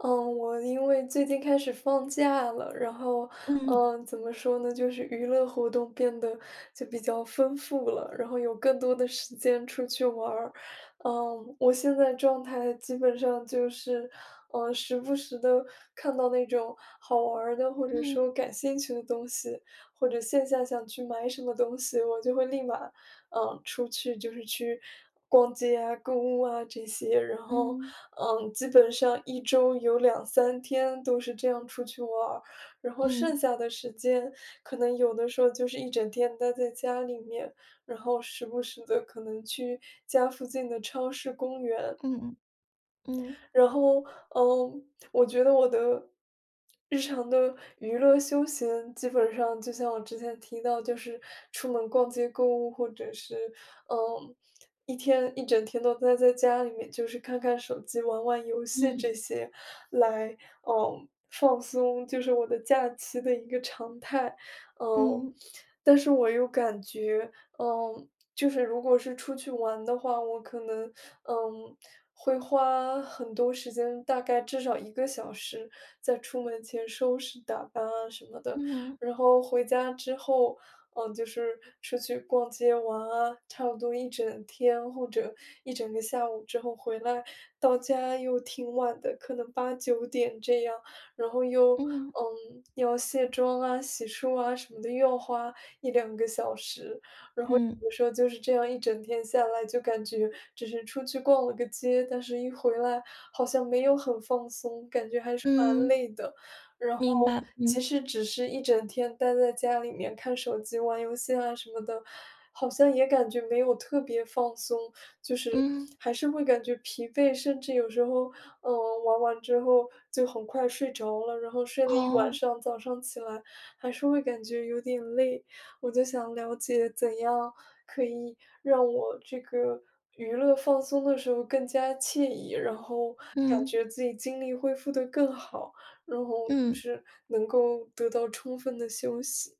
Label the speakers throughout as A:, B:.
A: 嗯，我因为最近开始放假了，然后，
B: 嗯。
A: 呃，怎么说呢，就是娱乐活动变得就比较丰富了，然后有更多的时间出去玩儿。嗯，我现在状态基本上就是，呃，时不时地看到那种好玩儿的，或者说
B: 嗯。
A: 感兴趣的东西，或者线下想去买什么东西，我就会立马，呃，出去就是去逛街啊、购物啊这些。然后，
B: 嗯。
A: 嗯，基本上一周有2-3天都是这样出去玩儿，然后
B: 嗯。
A: 剩下的时间，可能有的时候就是一整天待在家里面，然后时不时地可能去家附近的超市、公园。
B: 嗯嗯。嗯。
A: 然后，嗯，我觉得我的，日常的娱乐休闲，基本上就像我之前提到就是出门逛街购物，或者是，呃，一天一整天都呆在家里面，就是看看手机、玩玩游戏
B: 嗯。
A: 这些，来，嗯，放松，就是我的假期的一个常态。嗯，
B: 嗯。
A: 但是我又感觉，嗯，就是如果是出去玩的话，我可能，嗯，会花很多时间，大概至少1个小时在出门前收拾、打扮啊什么的。
B: 嗯。
A: 然后回家之后嗯，就是出去逛街玩啊，差不多一整天，或者一整个下午，之后回来，到家又挺晚的，可能8-9点，这样。然后又，
B: 嗯。
A: 嗯，要卸妆啊、洗漱啊什么的，又要花1-2个小时。然
B: 嗯。
A: 后有时候就是这样一整天下来，就感觉只是出去逛了个街，但是一回来，好像没有很放松，感觉还是蛮
B: 嗯。
A: 累的。然后
B: 明白，
A: 其
B: 嗯。
A: 实只是一整天待在家里面看手机、玩游戏啊什么的，好像也感觉没有特别放松。就是，
B: 嗯。
A: 还是会感觉疲惫，甚至有时候，嗯，玩完之后就很快睡着了。然后睡了一晚
B: 哦。
A: 上，早上起来还是会感觉有点累。我就想了解，怎样可以让我这个娱乐放松的时候更加惬意，然后感
B: 嗯。
A: 觉自己精力恢复得更好，然后就
B: 嗯。
A: 是能够得到充分的休息。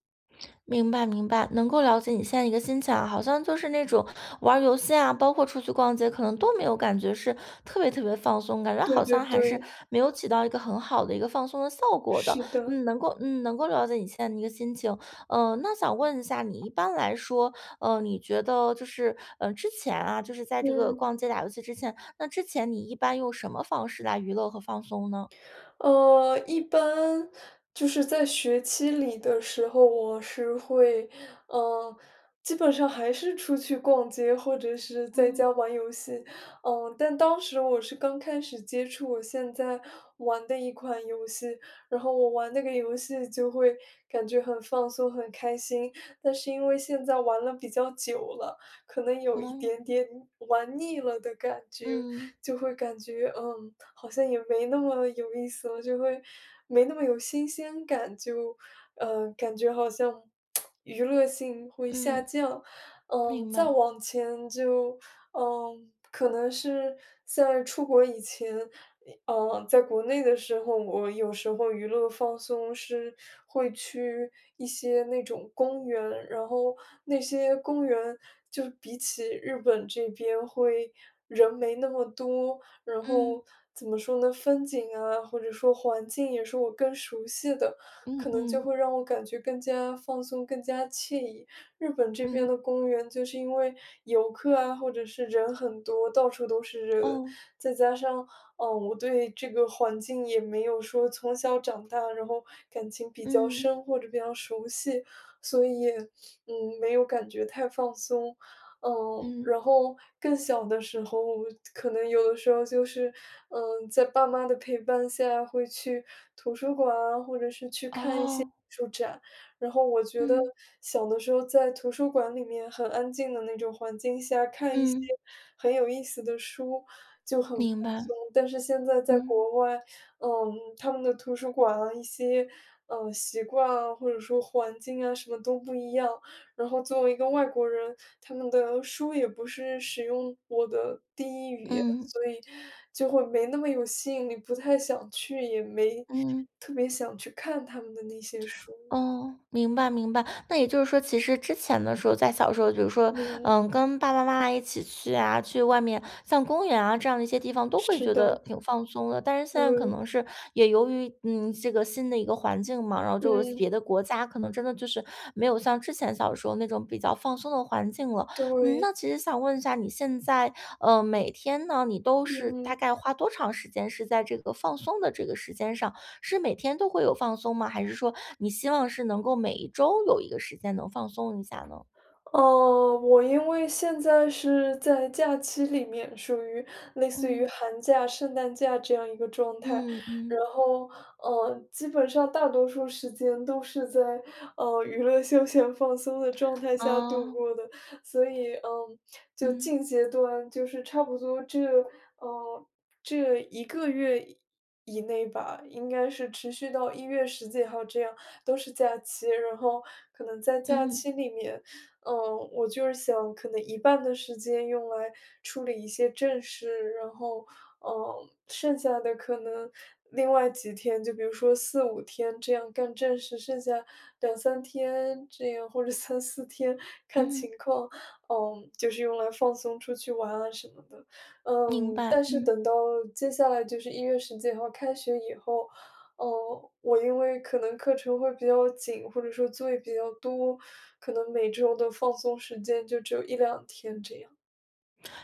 B: 明白明白，能够了解你现在一个心情哈，好像就是那种玩儿游戏啊，包括出去逛街，可能都没有感觉是特别特别放松，感觉
A: 对
B: 好
A: 对
B: 像还是
A: 对。
B: 没有起到一个很好的一个放松的效果的。
A: 是的。
B: 嗯，能够嗯，能够了解你现在一个心情。呃，那想问一下你，一般来说，呃，你觉得就是，嗯，之前啊，就是在这个
A: 嗯。
B: 逛街打游戏之前，那之前你一般用什么方式来娱乐和放松呢？
A: 呃，一般，就是在学期里的时候，我是会，呃，基本上还是出去逛街，或者是在
B: 嗯。
A: 家玩游戏。嗯，但当时我是刚开始接触我现在玩的一款游戏，然后我玩那个游戏就会感觉很放松、很开心。但是因为现在玩了比较久了，可能有一
B: 嗯。
A: 点点玩腻了的感觉，
B: 嗯。
A: 就会感觉，嗯，好像也没那么有意思了，就会没那么有新鲜感，就，嗯，感觉好像 娱乐性会下
B: 嗯，
A: 降。嗯，
B: 明
A: 再
B: 白。
A: 往前就，嗯，可能是，在出国以前，一嗯，在国内的时候，我有时候娱乐放松是，会去一些那种公园，然后那些公园就比起日本这边会，人没那么多。然
B: 嗯。
A: 后怎么说呢？风景啊，或者说环境也是我更熟悉的，
B: 嗯
A: 可能就会
B: 嗯。
A: 让我感觉更加放松、更加惬意。日本这边
B: 嗯。
A: 的公园就是因为游客啊，或者是人很多，到处都是人。
B: 哦。
A: 再加上，啊，我对这个环境也没有说从小长大，然后感情比较
B: 嗯。
A: 深，或者比较熟悉。所以也，嗯，没有感觉太放松。嗯，
B: 嗯。
A: 然后更小的时候，我可能有的时候就是，嗯，在爸妈的陪伴下，会去图书馆啊，或者是去看一些艺
B: 哦。
A: 术展。然后我觉得
B: 嗯。
A: 小的时候在图书馆里面很安静的那种环境下，看一些
B: 嗯。
A: 很有意思的书就很放
B: 明白，
A: 松。但是现在在
B: 嗯。
A: 国外，嗯，他们的图书馆啊，一些，呃，习惯啊，或者说环境啊，什么都不一样。然后作为一个外国人，他们的书也不是使用我的第1语言，
B: 嗯。
A: 所以就会没那么有吸引力，不太想去，也没，
B: 嗯。
A: 特别想去看他们的那些书。
B: 哦，明白明白。那也就是说其实之前的时候，在小时候就是说，
A: 嗯。
B: 嗯，跟爸爸妈妈一起去啊，去外面，像公园啊这样的一些地方都会
A: 是
B: 觉
A: 的。
B: 得挺放松的，但是现在可
A: 对。
B: 能是也由于，嗯，这个新的一个环境嘛，然后就是别
A: 嗯。
B: 的国家可能真的就是，没有像之前小的时候那种比较放松的环境了。嗯，
A: 对。
B: 那其实想问一下你现在，呃，每天呢，你都是大
A: 嗯。
B: 概花多长时间是在这个放松的这个时间上，是每天都会有放松吗？还是说你希望是能够每一周有一个时间能放松一下呢？
A: 呃，我因为现在是在假期里面，属于类似于
B: 嗯。
A: 寒假、圣诞假这样一个状态。
B: 嗯，
A: 然
B: 嗯。
A: 后，呃，基本上大多数时间都是在，呃，娱乐休闲放松的状态下度
B: 哦。
A: 过的。所以，嗯，就
B: 嗯。
A: 近阶段，就是差不多这，呃，这一个月，以以内吧，应该是持续到一月10几号这样，都是假期。然后可能在假
B: 嗯。
A: 期里面，呃，我就是想，可能一半的时间用来，处理一些正事。然后，呃，剩下的可能另外几天，就比如说4-5天这样干正事，剩下2-3天这样，或者3-4天看
B: 嗯。
A: 情况，嗯，就是用来放松出去玩啊什么的。
B: 明
A: 嗯，
B: 白，
A: 但是
B: 嗯。
A: 等到，接下来就是一月10几号开学以后，呃，我因为可能课程会比较紧，或者说作业比较多，可能每周的放松时间就只有1-2天这样。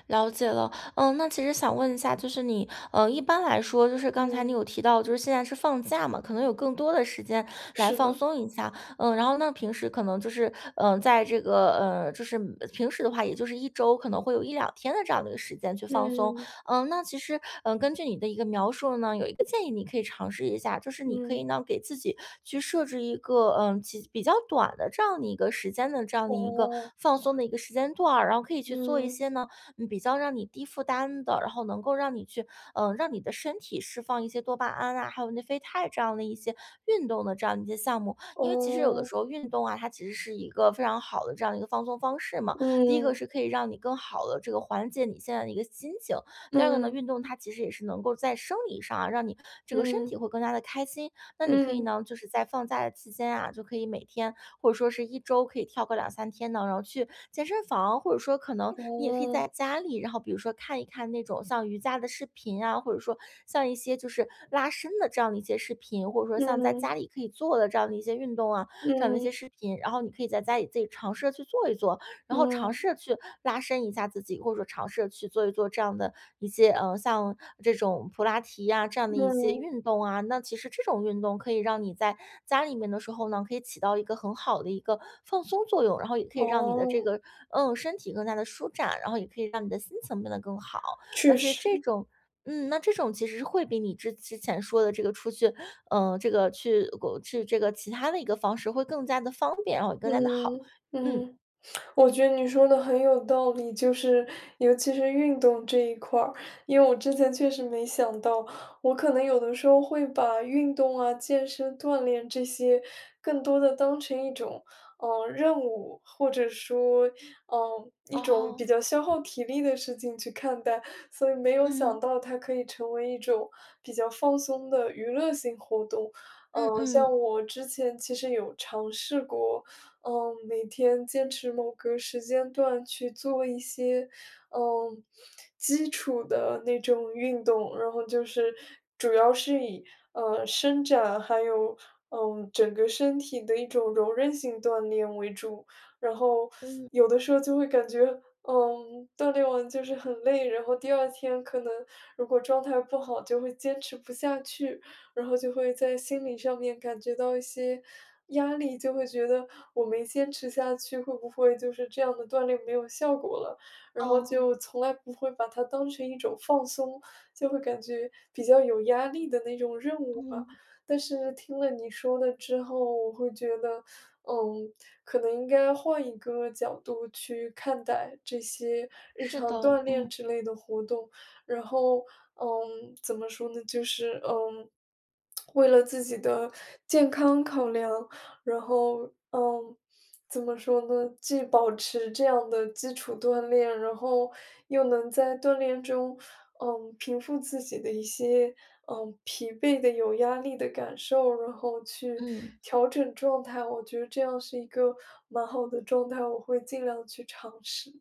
B: 了解了。呃，那其实想问一下，就是你，呃，一般来说就是刚才你
A: 嗯。
B: 有提到，就是现在是放假嘛，可能有更多的时间来
A: 是
B: 放
A: 的。
B: 松一下。呃，然后呢，平时可能就是，呃，在这个，呃，就是平时的话也就是1周可能会有1-2天的这样的一个时间去放松。
A: 嗯。
B: 呃，那其实，呃，根据你的一个描述呢，有一个建议你可以尝试一下，就是你可
A: 嗯。
B: 以呢给自己去设置一个，呃，几比较短的这样的一个时间的这样的一个
A: 哦。
B: 放松的一个时间段儿，然后可以去做一
A: 嗯。
B: 些呢，嗯比较让你低负担的，然后能够让你去，呃，让你的身体释放一些多巴胺啊，还有内啡肽这样的一些运动的这样一些项目。因为其实有的
A: 哦。
B: 时候运动啊，它其实是一个非常好的这样的一个放松方式嘛。第一个
A: 嗯。
B: 是可以让你更好地这个缓解你现在的一个心情，第二个呢，
A: 嗯。
B: 运动它其实也是能够在生理上啊，让你这个身
A: 嗯。
B: 体会更加地开心。那你可以
A: 嗯。
B: 呢，就是在放假的期间啊，就可以每天，或者说是一周可以跳个2-3天的，然后去健身房，或者说可能你也可以在
A: 哦。
B: 家里，然后比如说看一看那种像瑜伽的视频啊，或者说像一些就是拉伸的这样的一些视频，或者说像在家
A: 嗯。
B: 里可以做的这样的一些运动啊，这样的一些
A: 嗯。
B: 视频。然后你可以在家里自己尝试着去做一做，然后尝试
A: 嗯。
B: 着去拉伸一下自己，或者说尝试着去做一做这样的一些，呃，像这种普拉提呀这样的一些
A: 嗯。
B: 运动啊。那其实这种运动可以让你在家里面的时候呢，可以起到一个很好的一个放松作用，然后也可以让你的这
A: 哦。
B: 个，嗯，身体更加地舒展，然后也可以让你的心情变得更好。而
A: 确
B: 且这
A: 实。
B: 种嗯，那这种其实是会比你之之前说的这个出去，呃，这个去过去这个其他的一个方式会更加地方便，然后也会更加地好。
A: 嗯，
B: 嗯。
A: 嗯，我觉得你说得很有道理，就是，尤其是运动这一块儿。因为我之前确实没想到，我可能有的时候会把运动啊、健身锻炼这些，更多地当成一种，呃，任务，或者说，呃，一种
B: 哦。
A: 比较消耗体力的事情去看待，所以没有想
B: 嗯。
A: 到它可以成为一种，比较放松的娱乐性活动。
B: 嗯
A: 呃，
B: 嗯。
A: 像我之前其实有尝试过，嗯，每天坚持某个时间段去做一些，呃，基础的那种运动。然后就是，主要是以，呃，伸展，还有，嗯，整个身体的一种柔韧性锻炼为主。然后，
B: 嗯。
A: 有的时候就会感觉，嗯，锻炼完就是很累，然后第二天可能如果状态不好，就会坚持不下去，然后就会在心理上面感觉到一些压力，就会觉得，我没坚持下去，会不会就是这样的锻炼没有效果了。然后
B: 哦。
A: 就从来不会把它当成一种放松，就会感觉比较有压力的那种任务吧。
B: 嗯。
A: 但是听了你说的之后，我会觉得，嗯，可能应该换一个角度去看待这些日
B: 是的，
A: 常锻炼
B: 嗯。
A: 之类的活动。然后，嗯，怎么说呢，就是，嗯，为了自己的健康考量，然后，嗯，怎么说呢？既保持这样的基础锻炼，然后又能在锻炼中，嗯，平复自己的一些，嗯，疲惫的、有压力的感受，然后去
B: 嗯。
A: 调整状态。我觉得这样是一个蛮好的状态，我会尽量去尝试。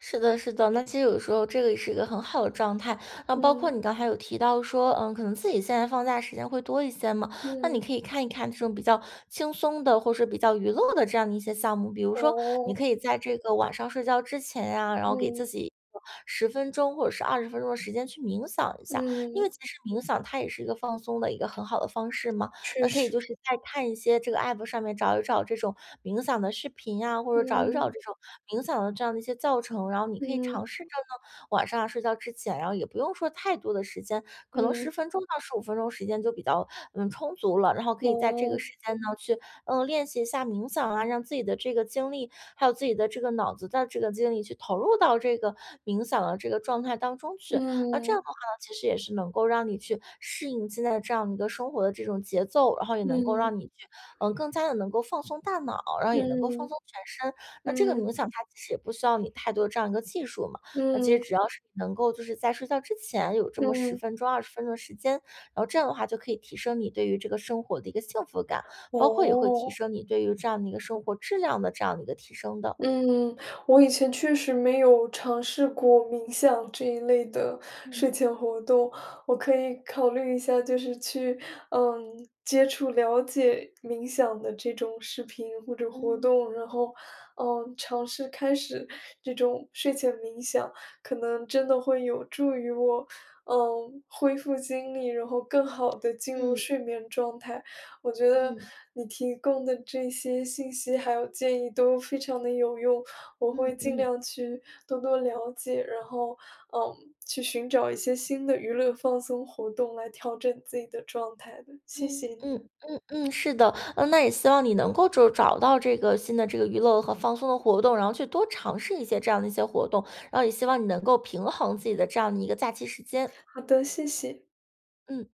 B: 是的是的，那其实有的时候这个也是一个很好的状态，那包括
A: 嗯。
B: 你刚才有提到说，呃，可能自己现在放假时间会多一些嘛，那你
A: 嗯。
B: 可以看一看这种比较轻松的，或是比较娱乐的这样的一些项目。比如说你
A: 哦。
B: 可以在这个晚上睡觉之前呀，然后给自
A: 嗯。
B: 己一个10分钟或者是20分钟的时间去冥想一下。因
A: 嗯。
B: 为其实冥想它也是一个放松的一个很好的方式嘛，
A: 确
B: 那可以
A: 实。
B: 就是再看一些，这个 app 上面找一找这种冥想的视频啊，或者找一找
A: 嗯。
B: 这种冥想的这样的一些教程，然后你可以
A: 嗯。
B: 尝试着呢，晚上啊，睡觉之前，然后也不用说太多的时间，可能
A: 嗯。
B: 10分钟到15分钟时间就比较，嗯，充足了。然后可以在这个
A: 嗯。
B: 时间呢，去，呃，练习一下冥想啊，让自己的这个精力，还有自己的这个脑子的这个精力去投入到这个冥想的这个状态当中去。那这样
A: 嗯。
B: 的话呢，其实也是能够让你去适应现在的这样一个生活的这种节奏，然后也能够
A: 嗯。
B: 让你去，呃，更加地能够放松大脑，然后也能够放
A: 嗯，
B: 松全身。那这个冥
A: 嗯。
B: 想它其实也不需要你太多的这样一个技术嘛，那其实
A: 嗯。
B: 只要是能够就是在睡觉之前有这么10
A: 嗯。
B: 分钟、20分钟的时间，然后这样的话，就可以提升你对于这个生活的一个幸福感，包括也会提
A: 哦。
B: 升你对于这样的一个生活质量的这样的一个提升的。
A: 嗯，我以前确实没有尝试过冥想这一类的
B: 嗯。
A: 睡前活动，我可以考虑一下，就是去，嗯，接触了解冥想的这种视频或者活
B: 嗯。
A: 动，然后，嗯，尝试开始这种睡前冥想，可能真的会有助于我，嗯，恢复精力，然后更好地进入
B: 嗯。
A: 睡眠状态。我觉得
B: 嗯。
A: 你提供的这些信息，还有建议都非常地有用，我会
B: 嗯，
A: 尽
B: 嗯。
A: 量去多多了解，然后，嗯，去寻找一些新的娱乐放松活动来调整自己的状态的，谢谢
B: 嗯
A: 你。
B: 嗯嗯嗯，是的，呃，那也希望你能够就找到这个新的这个娱乐和放松的活动，然后去多尝试一些这样的一些活动，然后也希望你能够平衡自己的这样的一个假期时间。
A: 好的，谢谢。
B: 嗯。